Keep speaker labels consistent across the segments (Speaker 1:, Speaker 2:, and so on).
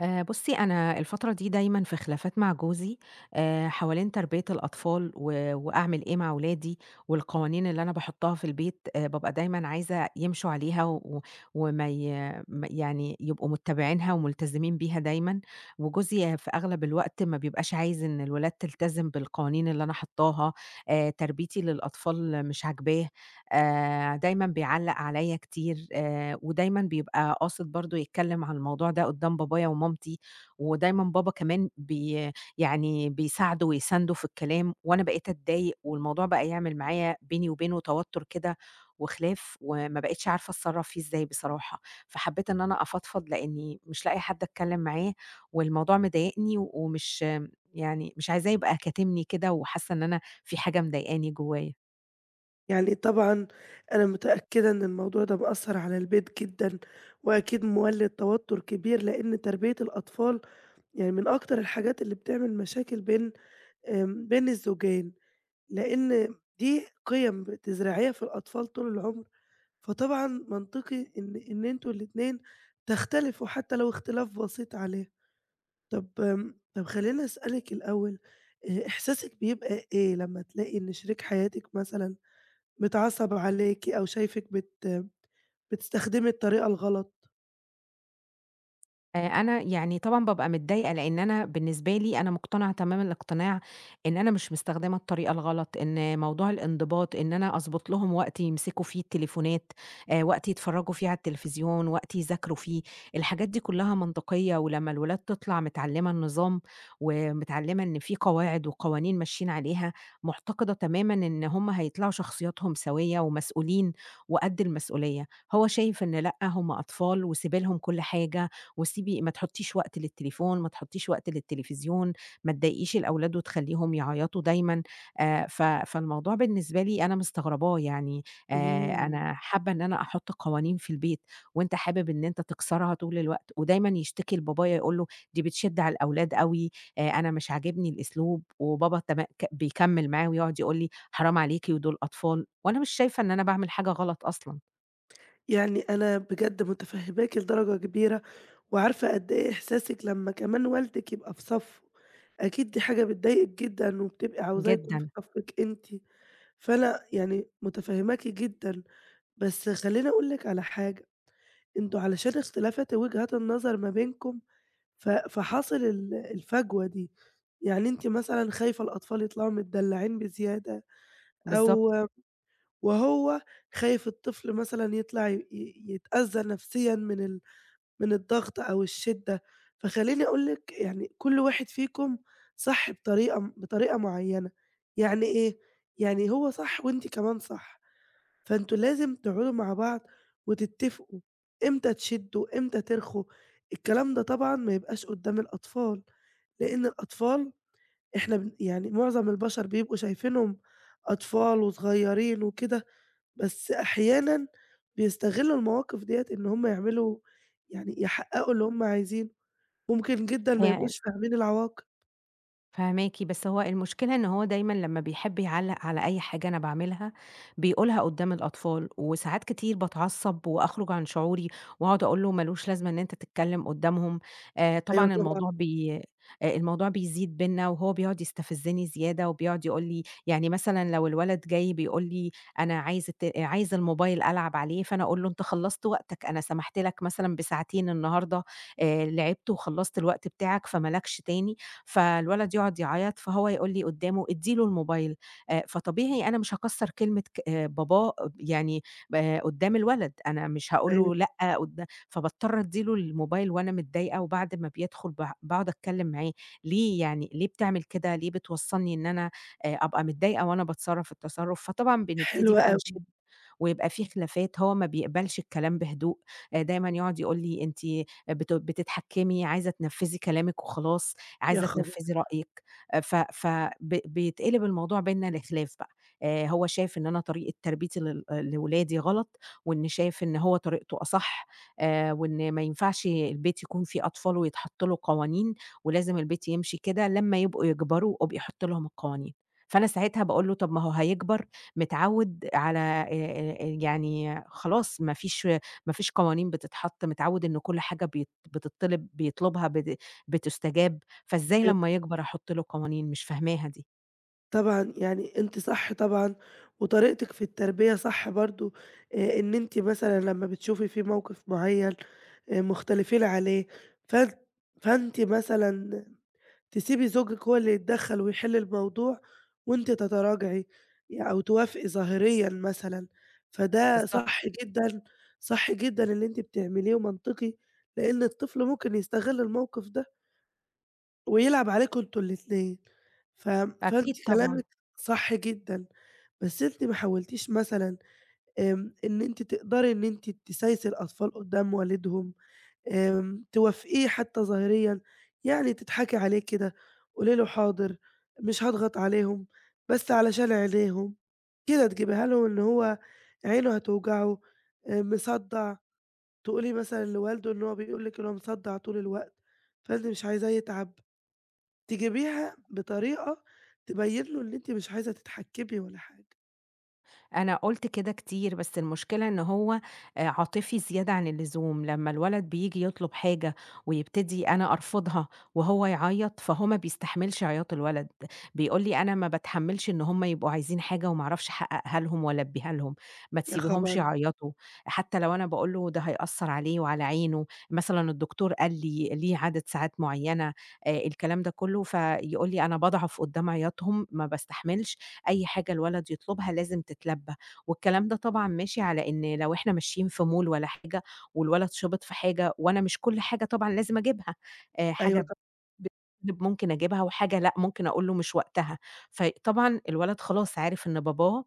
Speaker 1: آآ، بُصّي، أنا الفترة دي دايمًا في خلافات مع جوزي آآ، حوالين تربية الأطفال و وأعمل إيه مع ولادي، والقوانين اللي أنا باحطّها في البيت آآ، بابقى دايمًا عايزة يمشوا عليها و وما ي ما يعني يبقوا مُتّبعينها ومُلتزمين بيها دايمًا. وجوزي في أغلب الوقت ما بيبقاش عايز إن الولاد تِلتزم بالقوانين اللي أنا حاطّاها آآ، تربيتي للأطفال مش عاجباه آآ، دايمًا بيعلّق عليّا كتير آآ، ودايمًا بيبقى قاصد برضه يتكلم عن الموضوع ده قدّام بابايا ومامتي، ودايمًا بابا كمان بي يعني بيساعده ويسانده في الكلام، وأنا بقيت أتضايق والموضوع بقى يعمل معايا بيني وبينه توتر كده وخلاف وما بقيتش عارفة أتصرّف فيه إزاي بصراحة، فحبّيت إن أنا أفضفض لإنّي مش لاقية حد أتكلم معاه والموضوع مضايقني ومش م يعني مش عايزاه يبقى كاتمني كده وحاسّة إن أنا في حاجة مضايقاني جوّايا.
Speaker 2: يعني طبعًا أنا متأكدة إن الموضوع ده مأثّر على البيت جدًا، وأكيد مولِّد توتر كبير لإن تربية الأطفال يعني من أكتر الحاجات اللي بتعمل مشاكل بين آمم، بين الزوجين، لإن م دي قِيم بتزرعيها في الأطفال طول العُمر فطبعًا منطقي إن إن أنتم الاتنين تختلفوا حتى لو اختلاف بسيط عليها. طَب آمم، طَب خلّيني اسألِك الأول آآ، إحساسِك بيبقى إيه لمّا تلاقي إن شريك حياتِك مثلًا متعصّب عليكِ أو شايفِك بتم بتستخدمي الطريقة الغلط؟
Speaker 1: آآ، أنا يعني طبعًا بابقى متضايقة، لإن أنا بالنسبة لي أنا مقتنعة تمام الإقتناع إن أنا مش مستخدمة الطريقة الغلط، إن موضوع الإنضباط، إن أنا أضبط لهم وقت يمسكوا فيه التليفونات آآ، وقت يتفرّجوا في على التليفزيون وقت يذاكروا فيه، الحاجات دي كلّها منطقيّة ولمّا الولاد تطلع متعلّمة النظام، ومتعلّمة إن في قواعد وقوانين ماشيين عليها، معتقدة تمامًا إن هُم هيطلعوا شخصياتهم سويّة ومسؤولين وقد المسؤولية. هو شايف إن لأ، هُم أطفال وسيبي لهم كل حاجة، وسيبي ما تحطّيش وقت للتليفون، ما تحطّيش وقت للتليفزيون ما تضايقيش الأولاد وتخلّيهم يعيطوا دايمًا آآ، ف فالموضوع بالنسبة لي أنا مستغرباه يعني آآ،
Speaker 2: اهم.
Speaker 1: أنا حابة إن أنا أحط قوانين في البيت وأنت حابب إن أنت تكسرها طول الوقت ودايمًا يشتكي لبابايا يقول له دي بتشد على الأولاد أوي آآ، أنا مش عاجبني الأسلوب وبابا تمأ ك بيكمّل معاه ويقعُد يقول لي حرام عليكِ ودُول أطفال وأنا مش شايفة إن أنا باعمل حاجة غلط أصلًا.
Speaker 2: يعني أنا بجد متفهماكِ لدرجة كبيرة، وعارفة قد إيه إحساسِك لمّا كمان والدِك يبقى في صفّه، أكيد دي حاجة بتضايقِك جدًا وبتبقي عاوزاه يكون في
Speaker 1: جدًا.
Speaker 2: صفِّك أنتِ، فأنا يعني متفهماكِ جدًا، بس خلّيني أقول لِك على حاجة أنتم علشان اختلافات وجهات النظر ما بينكم ف فحصل ال الفجوة دي يعني أنتِ مثلًا خايفة الأطفال يطلعوا متدلّعين بزيادة أو
Speaker 1: بالضبط.
Speaker 2: م وهو خايف الطفل مثلًا يطلع ي ي يتأذّى نَفْسيًا من ال من الضغط أو الشدّة، فخلّيني أقول لِك يعني كل واحد فيكم صح بطريقة م بطريقة معيّنة يعني إيه يعني هو صح وأنتِ كمان صح فأنتم لازم تقعُدوا مع بعض وتتفقوا إمتى، تشدّوا إمتى ترخوا، الكلام ده طبعًا ما يبقاش قدّام الأطفال، لإن الأطفال إحنا بن يعني مُعظم البشر بيبقوا شايفينهم أطفال وصغيّرين وكده بس أحيانًا بيستغلّوا المواقِف دِيّة إن هُم يعملوا يعني يحققوا اللي هُم عايزينه، ممكن جدًا ما
Speaker 1: هي ال
Speaker 2: يبقوش فاهمين العواقب.
Speaker 1: فاهماكِ، بس هو المشكلة إن هو دايمًا لمّا بيحب يعلق على أي حاجة أنا باعملها بيقولها قدّام الأطفال، وساعات كتير باتعصب وأخرج عن شعوري وأقعد أقول له مالوش لازمة إن أنت تتكلم قدّامهم. آآ
Speaker 2: أيوه
Speaker 1: طبعًا
Speaker 2: طبعًا.
Speaker 1: الموضوع بي آآ الموضوع بيزيد بينا، وهو بيقعد يستفزني زيادة، وبيقعد يقول لي يعني مثلًا لو الولد جاي بيقول لي أنا عايز الت عايز الموبيل ألعب عليه، فأنا أقول له أنت خلصت وقتك، أنا سمحت لك مثلًا بساعتين النهارده، آآ لعبت وخلصت الوقت بتاعك فما لكش تاني، فالولد يقعد يعيط، فهو يقول لي قدّامه ادّي له الموبيل. آآ، فطبيعي أنا مش هاكسر كلمة ك آآ، باباه آب يعني آآ، قدّام الولد، أنا مش هاقول
Speaker 2: أيوه.
Speaker 1: له لأ قدا فباضطر أدي له الموبيل وأنا متضايقة، وبعد ما بيدخل ب باقعد أتكلم معاه، ليه يعني؟ ليه بتعمل كده؟ ليه بتوصلني إن أنا آآ، أبقى متضايقة وأنا باتصرف التصرف؟ فطبعًا بنبتدي
Speaker 2: حلو
Speaker 1: بقى
Speaker 2: أوي.
Speaker 1: نشد ويبقى فيه خلافات، هو ما بيقبلش الكلام بهدوء. آآ،
Speaker 2: حلو
Speaker 1: دايمًا
Speaker 2: أوي.
Speaker 1: يقعد يقول لي أنتِ بتو بتتحكمي، عايزة تنفذي كلامِك وخلاص،
Speaker 2: يا
Speaker 1: عايزة
Speaker 2: خبر!
Speaker 1: تنفذي رأيِك. آآ ف ف ب بيتقلب الموضوع بينا لخلاف بقى. آآ، هو شايف إن أنا طريقة تربيتي لل آآ، لولادي غلط، وإنه شايف إن هو طريقته أصح، آآ، وإن ما ينفعش البيت يكون فيه أطفال ويتحط له قوانين، ولازم البيت يمشي كده، لمّا يبقوا يكبروا ابقي حطي لهم القوانين. فأنا ساعتها باقول له طَب ما هو هيكبر، متعود على آآ، يعني خلاص ما فيش، ما فيش قوانين بتتحط، متعود إن كل حاجة بيت بتطلب بيطلبها بت بتُستجاب، فإزاي
Speaker 2: أيوه.
Speaker 1: لمّا يكبر أحط له قوانين؟ مش فاهماها دي!
Speaker 2: طبعًا يعني أنتِ صح طبعًا، وطريقتِك في التربية صح برضو، آآ، إن أنتِ مثلًا لما بتشوفي فيه موقف معين، آآ مختلفين عليه، فأن فأنتِ مثلًا تسيبي زوجِك هو اللي يتدخل ويحل الموضوع وأنتِ تتراجعي يع أو توافقي ظاهريًا مثلًا، فده
Speaker 1: بالضبط.
Speaker 2: صح جدًا، صح جدًا اللي أنتِ بتعمليه ومنطقي لإن الطفل ممكن يستغل الموقف ده ويلعب عليكم أنتم الاتنين. ف
Speaker 1: أكيد،
Speaker 2: فأنتِ
Speaker 1: طبعًا.
Speaker 2: كلامك صح جدًا. بس أنتِ ما حولتيش مثلًا، آمم، إن أنتِ تقدري إن أنتِ تسايسي الأطفال قدّام والدهم، آمم، توافقيه حتى ظاهريًا يعني تضحكي عليه كده. قولي له "حاضر مش هاضغط عليهم بس علشان عينيهم." كده تجبيها له اللي هو عينه هتوجعه، آآ، مصدع. تقولي مثلًا لوالده إن هو بيقول لِك إن هو مصدع طول الوقت، فأنتِ مش عايزاه يتعب. تجيبيها بطريقة تبين له إن أنتِ مش عايزة تتحكمي والّا حاجة.
Speaker 1: أنا قلت كده كتير، بس المشكلة إن هو، آآ، عاطفي زيادة عن اللزوم. لمّا الولد بييجي يطلب حاجة ويبتدي أنا أرفضها وهو يعيط، فهو ما بيستحملش عياط الولد. بيقول لي: "أنا ما باتحمّلش إن هم يبقوا عايزين حاجة وما أعرفش أحققها لهم وألبيها لهم، ما
Speaker 2: يا
Speaker 1: تسيبيهمش
Speaker 2: خبر!
Speaker 1: يعيطوا." حتى لو أنا باقول له "ده هيأثر عليه وعلى عينه." مثلًا الدكتور قال لي ليه عدد ساعات معينة، آآ، الكلام ده كلّه، فيقول لي: "أنا باضعف قدّام عياطهم، ما باستحملش. أي حاجة الولد يطلبها لازم تتلبى." والكلام ده طبعًا ماشي على إن لو إحنا ماشيين في mall والّا حاجة، والولد شبط في حاجة، وأنا مش كل حاجة طبعًا لازم أجيبها، آآ،
Speaker 2: أيوه ط
Speaker 1: حاجة ب ممكن أجيبها، وحاجة لأ، ممكن أقول له "مش وقتها." فطبعًا الولد خلاص عارف إن باباه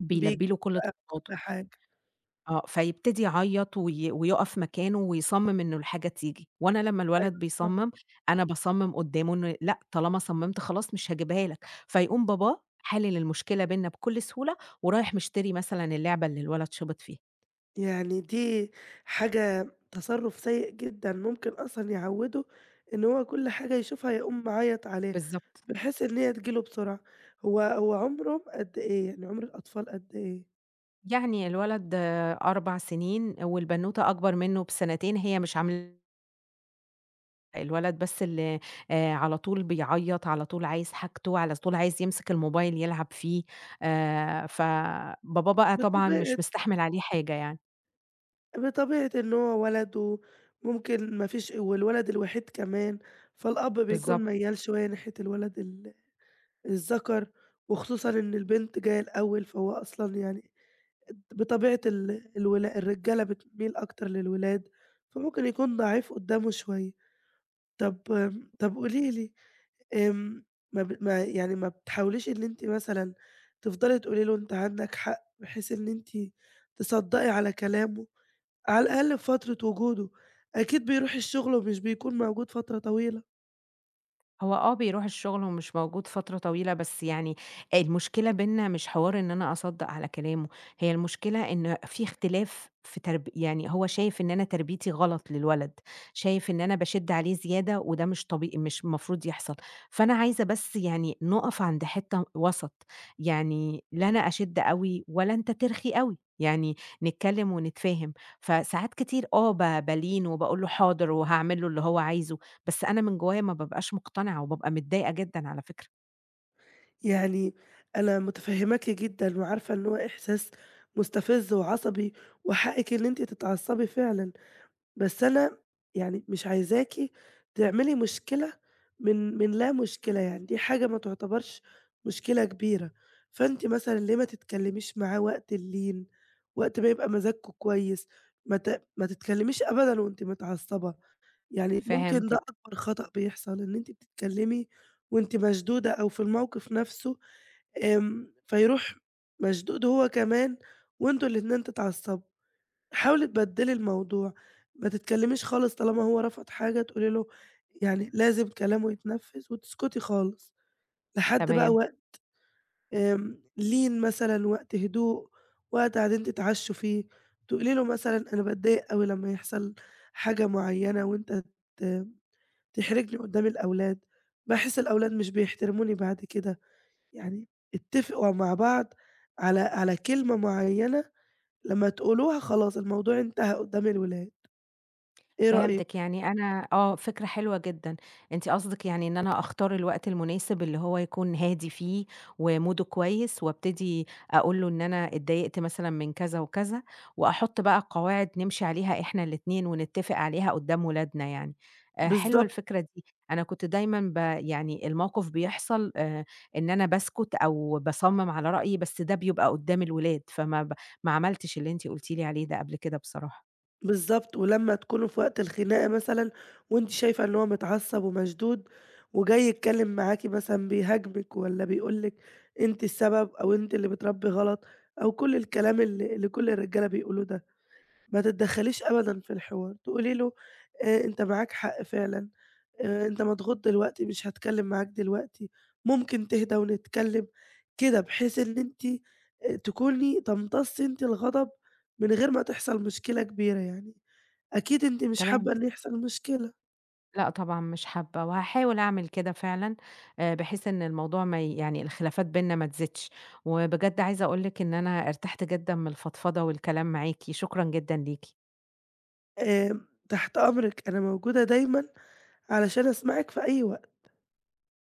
Speaker 1: بيلبي له كل
Speaker 2: بيبقى
Speaker 1: طلباته.
Speaker 2: كل حاجة.
Speaker 1: آه، فيبتدي يعيط وي ويقف مكانه ويصمم إنه الحاجة تيجي. وأنا لمّا
Speaker 2: أيوه
Speaker 1: الولد
Speaker 2: ط
Speaker 1: بيصمم، أنا باصمم قدامه إنه لأ، طالما صممت خلاص مش هاجيبها لك. فيقوم باباه حالل المشكلة بيننا بكل سهولة، ورايح مشتري مثلًا اللعبة اللي الولد شبط فيها.
Speaker 2: يعني دي حاجة تصرف سيء جدًا، ممكن أصلًا يعوده إن هو كل حاجة يشوفها يقوم معيط عليها،
Speaker 1: بالضبط.
Speaker 2: بحيث إن هي تيجي له بسرعة. هو هو عمره قد إيه؟ يعني عمر الأطفال قد إيه؟
Speaker 1: يعني الولد، آآ 4 سنين، والبنوتة أكبر منه بسنتين، هي مش عاملة الولد بس اللي آآ، على طول بيعيط، على طول عايز حاجته، على طول عايز يمسك الموبايل يلعب فيه. آآ فباباه بقى طبعًا
Speaker 2: بطبيعة
Speaker 1: مش مستحمل عليه حاجة يعني.
Speaker 2: بطبيعة إن هو ولد وممكن مفيش والولد الوحيد كمان، فالأب بيكون
Speaker 1: بالضبط.
Speaker 2: ميَّال شوية ناحية الولد ال الذَكر، وخصوصًا إن البنت جاية الأول، فهو أصلًا يعني بطبيعة ال الولا الرجالة بتميل أكتر للولاد، فممكن يكون ضعيف قدامه شوية. طب امم طب قولي لي، امم، ما ب ما يعني ما بتحاوليش إن أنتِ مثلًا تفضلي تقولي له أنتِ عندك حق بحيث إن أنتِ تصدَّقي على كلامه على الأقل في فترة وجوده. أكيد بيروح الشغل ومش بيكون موجود فترة طويلة.
Speaker 1: هو آه، بيروح الشُغل ومش موجود فترة طويلة، بس يعني المشكلة بيننا مش حوار إن أنا أصدَّق على كلامه، هي المشكلة إن في اختلاف في ترب يعني هو شايف إن أنا تربيتي غلط للولد، شايف إن أنا باشِد عليه زيادة وده مش طبي مش المفروض يحصل. فأنا عايزة بس يعني نُقَف عند حتّة وَسَط، يعني لا أنا أشِد أوي ولا أنت ترخي أوي، يعني نتكلّم ونتفاهم. فساعات كتير آه، ب بالين وباقول له حاضر وهاعمل له اللي هو عايزه، بس أنا من جوّايا ما بابقاش مُقتنعة، وبابقى متضايقة جدًا على فكرة.
Speaker 2: يعني أنا مُتفهِّماكِ جدًا وعارفة إن هو إحساس مُستفِز وعصبي وحقِّك إن أنتِ تتعصّبي فعلًا. بس أنا يعني مش عايزاكِ تعملي مشكلة من من لا مشكلة، يعني دي حاجة ما تُعتبرش مشكلة كبيرة. فأنتِ مثلًا ليه ما تتكلِّميش معاه وقت اللين، وقت ما يبقى مزاجكم كويس؟ ما ت ما تتكلِّميش أبدًا وأنتِ متعصّبة. يعني ممكن ده
Speaker 1: فهمتِك.
Speaker 2: أكبر خطأ بيحصل إن أنتِ بتتكلِّمي وأنتِ مشدودة أو في الموقِف نَفْسه، آمم فيروح مشدود هو كمان وأنتم الاتنين تتعصّبوا. حاولي تبدّلي الموضوع، ما تتكلِّميش خالص طالما هو رفض حاجة تقولي له، يعني لازم كلامه يتنفِّذ وتسكُتي خالص. لحد بقى
Speaker 1: تمام.
Speaker 2: وقت آمم لين مثلًا وقت هدوء، وقت قاعدين تتعشّوا فيه، تقولي له مثلًا أنا باتضايق أوي لمّا يحصل حاجة معيّنة وأنت ت تحرجني قُدّام الأولاد، باحس الأولاد مش بيحترموني بعد كده. يعني اتّفقوا مع بعض على على كلمة معيّنة لمّا تقولوها خلاص الموضوع انتهى قُدّام الأولاد. إيه
Speaker 1: فهمتِك.
Speaker 2: رأيِك؟
Speaker 1: يعني أنا آه، فكرة حلوة جدًا. أنتِ قصدِك يعني إن أنا أختار الوقت المناسب اللي هو يكون هادي فيه وموده كويس وأبتدي أقول له إن أنا اتضايقت مثلًا من كذا وكذا، وأحُط بقى قواعد نمشي عليها إحنا الاتنين ونتّفق عليها قُدّام ولادنا يعني. آآ حلوة
Speaker 2: بالضبط.
Speaker 1: الفكرة دي، أنا كنت دايمًا ب يعني الموقف بيحصل آآ إن أنا باسكُت أو باصَمِّم على رأيي، بس ده بيبقى قُدّام الولاد، فما ب ما عملتش اللي أنتِ قُلتِ لي عليه ده قبل كده بصراحة.
Speaker 2: بالضبط. ولمّا تكونوا في وقت الخناقة مثلًا وأنتِ شايفة إن هو متعصّب ومشدود وجاي يتكلِّم معاكِ مثلًا بيهاجمِك والّا بيقول لِك أنتِ السبب أو أنت اللي بتربّي غلط أو كل الكلام اللي اللي كل الرجالة بيقولوه ده. ما تتدخّليش أبدًا في الحوار، تقولي له آآ أنت معاك حق فعلًا، آآ أنت مضغوط دلوقتي مش هاتكلِّم معاك دلوقتين، ممكن تهدّى ونتكلِّم؟ كده بحيث إن أنتِ آآ تكوني تمتصي أنتِ الغضب من غير ما تحصل مشكلة كبيرة يعني. أكيد أنتِ مش
Speaker 1: تمام.
Speaker 2: حابّة إن يحصل مشكلة.
Speaker 1: لأ طبعًا مش حابّة وهاحاول أعمل كده فعلًا آآ بحيث إن الموضوع ما ي يعني الخلافات بينا ما تزيدش. وبجد عايزة أقول لِك إن أنا ارتحت جدًا من الفضفضة والكلام معاكِ، شكرًا جدًا ليكِ.
Speaker 2: آمم تحت أمرِك، أنا موجودة دايمًا علشان أسمعِك في أي وقت.